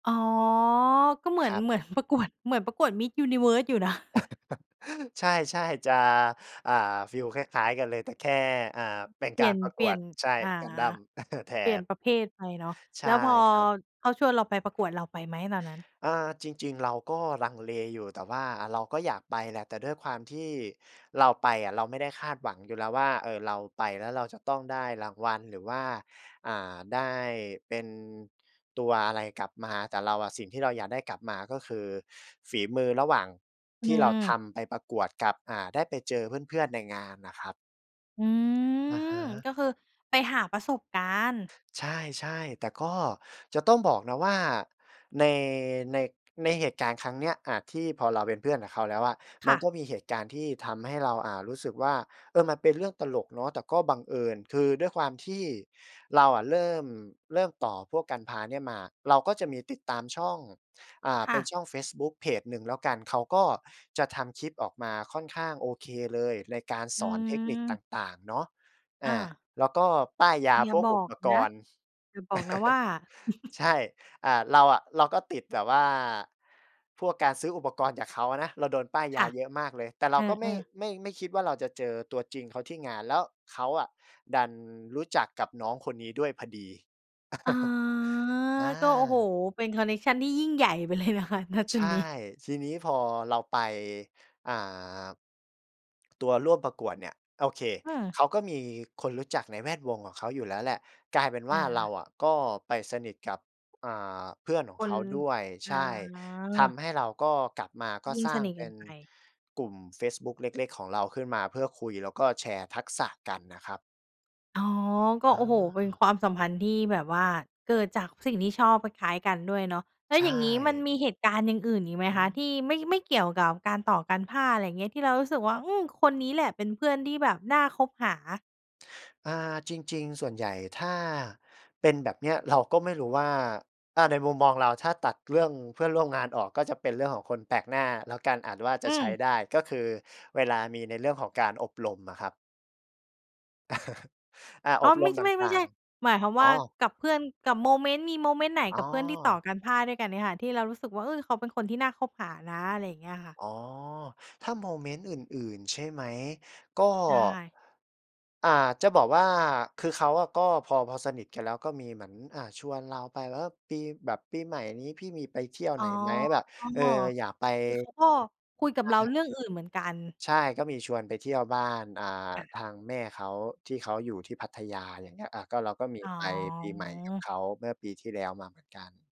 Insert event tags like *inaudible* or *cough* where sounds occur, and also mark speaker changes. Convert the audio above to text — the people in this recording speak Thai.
Speaker 1: อ๋อ ก็เหมื
Speaker 2: ค
Speaker 1: อ
Speaker 2: ร
Speaker 1: น
Speaker 2: ับ
Speaker 1: เหมือนประกวด เหมือนประกวด Miss Universe อยู่นะ *chuckles*
Speaker 2: *chuckles* ใช่ ๆ จะ อ่า ฟีลคล้าย ๆ กันเลย แต่แค่ อ่า
Speaker 1: อือ
Speaker 2: เป็น
Speaker 1: เป
Speaker 2: ก
Speaker 1: ลี
Speaker 2: า
Speaker 1: ่ย
Speaker 2: ร
Speaker 1: น
Speaker 2: ประ
Speaker 1: เ
Speaker 2: ก
Speaker 1: ปลี
Speaker 2: ว
Speaker 1: ่ย
Speaker 2: ด
Speaker 1: น
Speaker 2: ใช่
Speaker 1: อ่า
Speaker 2: Gundam *chuckles* แท
Speaker 1: เปลี่ยน
Speaker 2: น
Speaker 1: ประเภทไปเนาะ
Speaker 2: ใช
Speaker 1: แล
Speaker 2: ่
Speaker 1: ้วพอ
Speaker 2: ครับ
Speaker 1: เขาชวนเราไปประกวด เราไปไหมตอนนั้น?
Speaker 2: อา จริง ๆ เราก็ลังเลอยู่ แต่ว่าเราก็อยากไปแหละ แต่ด้วยความที่เราไปอะ เราไม่ได้คาดหวังอยู่แล้วว่า เอ่อ เราไปแล้วเราจะต้องได้รางวัล หรือว่า อ่า ได้เป็น ตัวอะไรกลับมา แต่เราอะ สิ่งที่เราอยากได้กลับมาก็คือ ฝีมือระหว่าง
Speaker 1: อื
Speaker 2: ที่เราท
Speaker 1: อ
Speaker 2: ำไปประกวดกับ อ่า ได้ไปเจอเพื่อน ๆ ในงานน่ะครับ
Speaker 1: อื
Speaker 2: อะฮ
Speaker 1: ม
Speaker 2: ะ
Speaker 1: ก็คือไปหาประสบการณ์
Speaker 2: ใช่ ๆ แต่ก็จะต้องบอกนะว่าใน ใน ในเหตุการณ์ครั้งเนี้ย อ่า ที่พอเราเป็นเพื่อนกับเขาแล้วอะ ม
Speaker 1: ค
Speaker 2: ั
Speaker 1: ่
Speaker 2: น
Speaker 1: ะ
Speaker 2: ก็มีเหตุการณ์ที่ทำให้เรา อ่า รู้สึกว่า เออ มันเป็นเรื่องตลกเนาะแต่ก็บังเอิญ คือด้วยความที่เราอะเริ่ม เริ่มต่อพวก Gunpla เนี่ยมา เราก็จะมีติดตามช่อง อ่า
Speaker 1: ค
Speaker 2: เป
Speaker 1: ่
Speaker 2: ็น
Speaker 1: ะ
Speaker 2: ช่องเฟซบุ๊กเพจหนึ่งแล้วกัน เขาก็จะทำคลิปออกมาค่อนข้างโอเคเลย ในการส
Speaker 1: อื
Speaker 2: อนเทคนิค
Speaker 1: อ
Speaker 2: ต่าง ๆ เนาะ อ
Speaker 1: อ
Speaker 2: า
Speaker 1: า
Speaker 2: แล้วก็ป้ายยา
Speaker 1: อย่
Speaker 2: พ
Speaker 1: า
Speaker 2: วก
Speaker 1: บอ
Speaker 2: อุป
Speaker 1: ก
Speaker 2: ก
Speaker 1: นะ
Speaker 2: รณ์
Speaker 1: อย่าบอกนะว่
Speaker 2: *chuckles*
Speaker 1: า *chuckles*
Speaker 2: ใช่ อ่า เราอะ เราก็ติดแบบว่า พวกการซื้ออุปกรณ์จากเขาอะนะ เราโดนป้าย
Speaker 1: ค
Speaker 2: ยา
Speaker 1: ่ะ
Speaker 2: เยอะมากเลย แต่เ
Speaker 1: เ
Speaker 2: รา
Speaker 1: อ
Speaker 2: ก็ไม่
Speaker 1: อ ๆ
Speaker 2: ไม่ ไม่คิดว่าเราจะเจอตัวจริงเขาที่งาน แล้วเขาอะดันรู้จักกับน้องคนนี้ด้วยพอดี
Speaker 1: อา
Speaker 2: *chuckles* อ
Speaker 1: ก็ โอ้โฮ
Speaker 2: า
Speaker 1: เป็นคอนเน็กชันที่ยิ่งใหญ่ ไปเลยนะคะ ณ จ
Speaker 2: ใช
Speaker 1: ุด
Speaker 2: ่
Speaker 1: นี้
Speaker 2: ทีนี้พอเราไป อ่า ตัวร่วมประกวดเนี่ย โอเค
Speaker 1: เออ
Speaker 2: เขาก็มีคนรู้จักในแวดวงของเขาอยู่แล้วแหละ กลายเป็นว
Speaker 1: อ
Speaker 2: ่าเรา
Speaker 1: า
Speaker 2: อะก็ไปสนิทกับ อ่า เพื่อนขอ
Speaker 1: ค
Speaker 2: งเข
Speaker 1: น
Speaker 2: าด้วย
Speaker 1: อ
Speaker 2: ใช่ ท
Speaker 1: า
Speaker 2: ำให้เราก็กลับมาก็
Speaker 1: ยิ่ง
Speaker 2: สร้
Speaker 1: ส
Speaker 2: าง
Speaker 1: นิท
Speaker 2: เป
Speaker 1: ก
Speaker 2: ็
Speaker 1: ัน
Speaker 2: น
Speaker 1: ไป
Speaker 2: กลุ่มเฟซบุ๊กเล็ก ๆ ของเราขึ้นมา เพื่อคุยแล้วก็แชร์ทักษะกันน่ะครับ
Speaker 1: อ๋อ ก็
Speaker 2: อ
Speaker 1: โอ้โฮ เป็น
Speaker 2: า
Speaker 1: ความสัมพันธ์ที่แบบว่า เกิดจากสิ่งที่ชอบคล้าย ๆ กันด้วยเนาะ แล้
Speaker 2: ใ
Speaker 1: ว
Speaker 2: ช่
Speaker 1: อย่างงี้มันมีเหตุการณ์อย่างอื่นอีกไหม
Speaker 2: อ
Speaker 1: คะ? ท
Speaker 2: ืม
Speaker 1: ี่ไม่ ไม่เกี่ยวกับการต่อ Gunpla อะไรเงี้ย ที่เรารู้สึกว่า อืม คนนี้แหละเป็นเพื่อนที่แบบน่าคบหา
Speaker 2: อา จริง ๆ ส่วนใหญ่ถ้า เป็นแบบเนี้ย เราก็ไม่รู้ว่า อา ในมุมมองเรา ถ้าตัดเรื่องเพื่อนร่วมงานออก ก็จะเป็นเรื่องของคนแปลกหน้า แล้วการอ่านว่าจ
Speaker 1: อ
Speaker 2: ะ
Speaker 1: ื
Speaker 2: ใช้
Speaker 1: ม
Speaker 2: ได้ ก็คือเวลามีในเรื่องของการอบรมอะครับ *chuckles* อา
Speaker 1: อ
Speaker 2: อ
Speaker 1: ๋อ
Speaker 2: บร
Speaker 1: ไม่
Speaker 2: ม
Speaker 1: ใช่
Speaker 2: ต
Speaker 1: ไม่ ไม่
Speaker 2: ่
Speaker 1: ใ
Speaker 2: า
Speaker 1: ช
Speaker 2: ง
Speaker 1: ่ หมายความ
Speaker 2: ๆ อ
Speaker 1: ว่า
Speaker 2: ๋อ
Speaker 1: กับเพื่อน กับโมเมนต์ มีโมเมนต์ไหน
Speaker 2: อ๋
Speaker 1: กั
Speaker 2: อ
Speaker 1: บเพื่อนที่ต่อ Gunpla ด้วยกันเนี่ยค่ะ ที่เรารู้สึกว่า เออ เขาเป็นคนที่น่าคบหานะ อะไรอย่างเงี้ยค่ะ
Speaker 2: อ๋อ ถ้าโมเมนต์อื่น ๆ ใช่ไหม? ก็
Speaker 1: ใช่
Speaker 2: อ่า จะบอกว่าคือเขาอะ ก็พอ พอสนิทกันแล้วก็มีเหมือน อ่า ชวนเราไป แล้วปี แบบปีใหม่นี้พี่มีไปเที่ยว
Speaker 1: อ
Speaker 2: ไ
Speaker 1: ๋
Speaker 2: หน
Speaker 1: อ
Speaker 2: ไหม? แบบ เออ อยากไป
Speaker 1: คือ เขาก็คุย
Speaker 2: ใ
Speaker 1: กับเรา
Speaker 2: ช
Speaker 1: เร
Speaker 2: ่
Speaker 1: ื่องอื่นเหมือนกัน
Speaker 2: ใช่ ก็มีชวนไปเที่ยวบ้าน อ่า
Speaker 1: ค่
Speaker 2: ท
Speaker 1: ะ
Speaker 2: างแม่เขาที่เขาอยู่ที่พัทยา อย่างเงี้ย อะ ก็เราก็มี
Speaker 1: อ๋
Speaker 2: ไปปีใหม่กับ
Speaker 1: อ
Speaker 2: เขาเมื่อปีที่แล้วมาเหมือนกัน